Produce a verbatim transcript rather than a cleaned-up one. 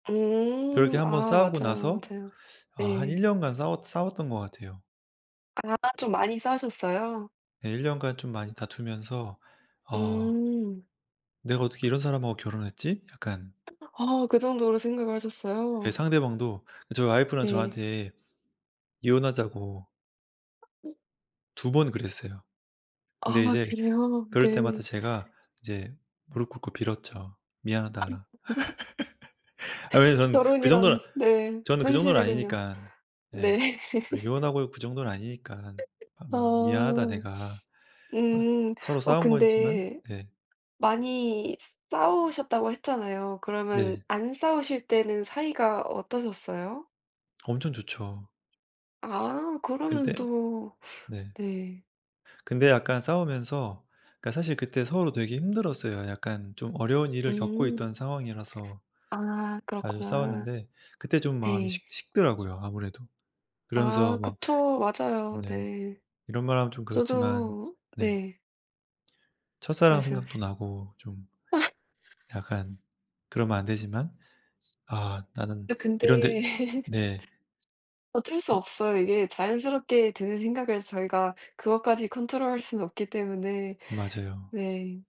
그렇게 음 한 번 아, 싸우고 맞아요, 나서 맞아요. 아 한 일 네. 년간 싸워 싸웠던 것 같아요. 아 좀 많이 싸우셨어요? 네. 일 년간 좀 많이 다투면서 '아 음. 내가 어떻게 이런 사람하고 결혼을 했지?' 약간 어 그 정도로 생각을 예 하셨어요? 상대방도 저의 와이프는 네. 저한테 이혼하자고 두 번 그랬어요. 근데 아 이제 그래요? 그럴 네. 때마다 제가 이제 무릎 꿇고 빌었죠. "미안하다." [unintelligible] 아니 저는 그 정도 결혼이란 네, 저는 그 정도는 현실이군요. 아니니까. 네. 네. 그 이혼하고 그 정도는 아니니까. "아 미안하다 어. 내가." 음. 서로 어 싸운 거였지만 근데 네. 많이 싸우셨다고 했잖아요. 그러면 네. 안 싸우실 때는 사이가 어떠셨어요? 엄청 좋죠. 아 그러면 근데 또 네. 네. 근데 약간 싸우면서 그러니까 사실 그때 서로 되게 힘들었어요. 약간 좀 어려운 일을 겪고 음. 있던 상황이라서 아 자주 그렇구나. 싸웠는데 그때 좀 마음이 네. 식 식더라고요 아무래도. 그러면서 아 막 그쵸. 맞아요. 네 네. 이런 말 하면 좀 그렇지만 저도 네. 네. 첫사랑 생각도 말씀하세요. 나고 좀 아. 약간 그러면 안 되지만. '아 나는 네 근데 이런데' 네. 어쩔 수 없어요. 이게 자연스럽게 드는 생각을 저희가 그것까지 컨트롤할 수는 없기 때문에. 맞아요. 네.